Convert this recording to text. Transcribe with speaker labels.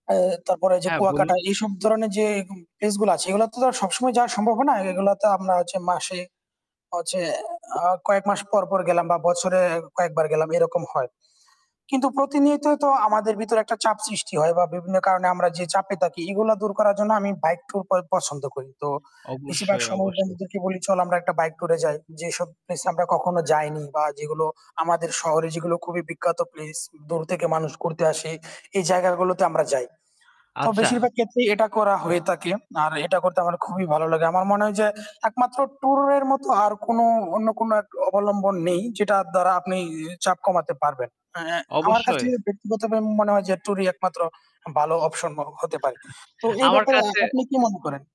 Speaker 1: এহ তারপরে ঐযে
Speaker 2: হ্যাঁ, বলুন।
Speaker 1: কুয়াকাটা এসব ধরনের যে এরকম প্লেস গুলো আছে সেগুলো তো আর সবসময় যাওয়া সম্ভব হবেনা। এগুলো তো আমরা হচ্ছে মাসে হচ্ছে আ কয়েক মাস পর পর গেলাম বা বছরে কয়েকবার গেলাম এরকম হয়। কিন্তু প্রতিনিয়ত তো আমাদের ভিতরে একটা চাপ সৃষ্টি হয় বা বিভিন্ন কারণে আমরা যে চাপে থাকি এগুলা দূর করার জন্য আমি বাইক ট্যুর প পছন্দ করি। তো বেশিরভাগ
Speaker 2: অবশ্যই,
Speaker 1: সময়
Speaker 2: অবশ্যই।
Speaker 1: বন্ধুদেরকে বলি "চল আমরা একটা বাইক টুর এ যাই।" যেসব প্লেস এ আমরা কখনো যাইনি বা যেগুলো আমাদের শহরে যেগুলো খুবই বিখ্যাত প্লেস দূর থেকে মানুষ ঘুরতে আসে এই জায়গাগুলোতে আমরা যাই। তো
Speaker 2: আচ্ছা।
Speaker 1: বেশিরভাগ ক্ষেত্রেই এটা করা হয়ে থাকে। আর এটা করতে আমার খুবই ভালো লাগে। আমার মনে হয় যে একমাত্র টুর এর মত আর কোন অন্য কোন এক অবলম্বন নেই যেটার দ্বারা আপনি চাপ কমাতে পারবেন। এ এহ আমার কাছে
Speaker 2: অবশ্যই।
Speaker 1: ব্যক্তিগতভাবে মনে হয় যে টুর-ই একমাত্র ভালো অপশন হতে পারে। তো এই
Speaker 2: আমার
Speaker 1: ব্যাপারে
Speaker 2: কাছে
Speaker 1: আপনি কি মনে করেন?